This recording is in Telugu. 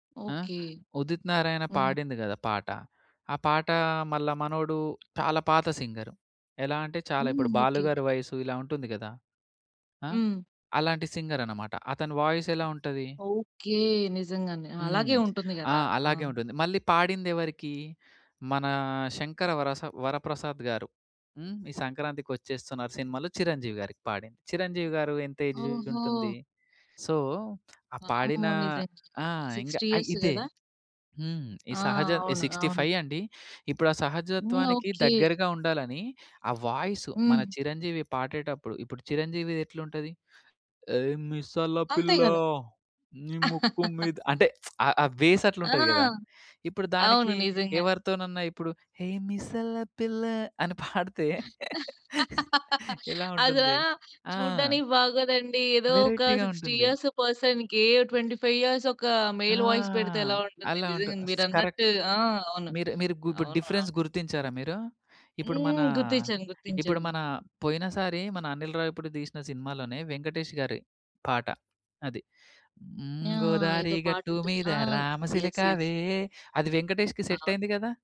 ఆ! ఓకే. ఉదిత్ నారాయణ హ్మ్. పాడింది గదా! పాట. ఆ పాట మళ్ళా మనోడు చాలా పాత సింగరు. ఎలా అంటే చాలా హ్మ్. ఇప్పుడు బాలు ఓకే. గారి వయస్సు ఇలా ఉంటుంది గదా! ఆ! హ్మ్. అలాంటి సింగర్ అనమాట. అతని వాయిస్ ఎలా ఉంటది? ఓకే. నిజంగానే! ఆ! హ్మ్. అలాగే ఉంటుంది ఆ! గదా! ఆ! అలాగే ఉంటుంది. మళ్ళీ పాడిందెవరికి? మన శంకర వరస వరప్రసాద్ గారు. హ్మ్. ఈ సంక్రాంతికొచ్చేస్తున్నారు సినిమాలో చిరంజీవి గారికి పాడింది. చిరంజీవి గారు ఎంత ఏజ్ ఓహో! ఉంటుంది. సో, ఆ పాడిన వామ్మో! నిజంగా ఆ! ఇంగ 60 ఆ! ఇయర్స్ ఇదే. గదా! హ్మ్. ఈ ఆ! సహజ అవును. సిక్స్టీ అవును. ఫై అండి. ఇప్పుడు ఆ హ్మ్. సహజత్వానికి ఓకే. దగ్గరగా ఉండాలని ఆ వాయిస్ మన హ్మ్. చిరంజీవి పాడేటప్పుడు, ఇప్పుడు చిరంజీవిదెట్లుంటది ఏ మిసల అంతే పిల్ల, గదా! నీ ముక్కు మీద అంటే ఆ ఆ బేస్ ఆ! అట్లుంటది గదా! ఇప్పుడు అవును. దానికి నిజంగానే. ఎవరితోనన్నా ఇప్పుడు "హేయ్ మిసల పిల్ల" అని పాడితే ఎలా అదా ఉంటుంది. ఆ! చూడ్డానికి బాగోదండి. ఏదో ఒక వేరైటీ‌గా 60 ఉంటుంది. ఇయర్స్ పర్సన్‌కి 25 ఇయర్స్ ఒక ఆ! మెయిల్ వాయిస్ పెడితే ఎలా ఉంటుంది. అలా ఉంటది నిజంగా స్ కరెక్ట్. మీరున్నట్టు. ఆ! అవును. మీరు మీరు గు ఇప్పుడు అవును. డిఫరెన్స్ అవును. గుర్తించారా మీరు? ఇప్పుడు మన, హ్మ్. గుర్తిచ్చాను. ఇప్పుడు గుర్తించాను. మన పోయినసారి మన అనిల్ రావిపూడి తీసిన సినిమాలోనే వెంకటేష్ గారి పాట. అది. ఆ! హ్మ్. గోదారి ఏదో గట్టు పాటుంటది. మీద ఆ! యెస్. యెస్. రామసిలకావే అది వెంకటేష్‌కి సెట్ అయింది అవును. గదా!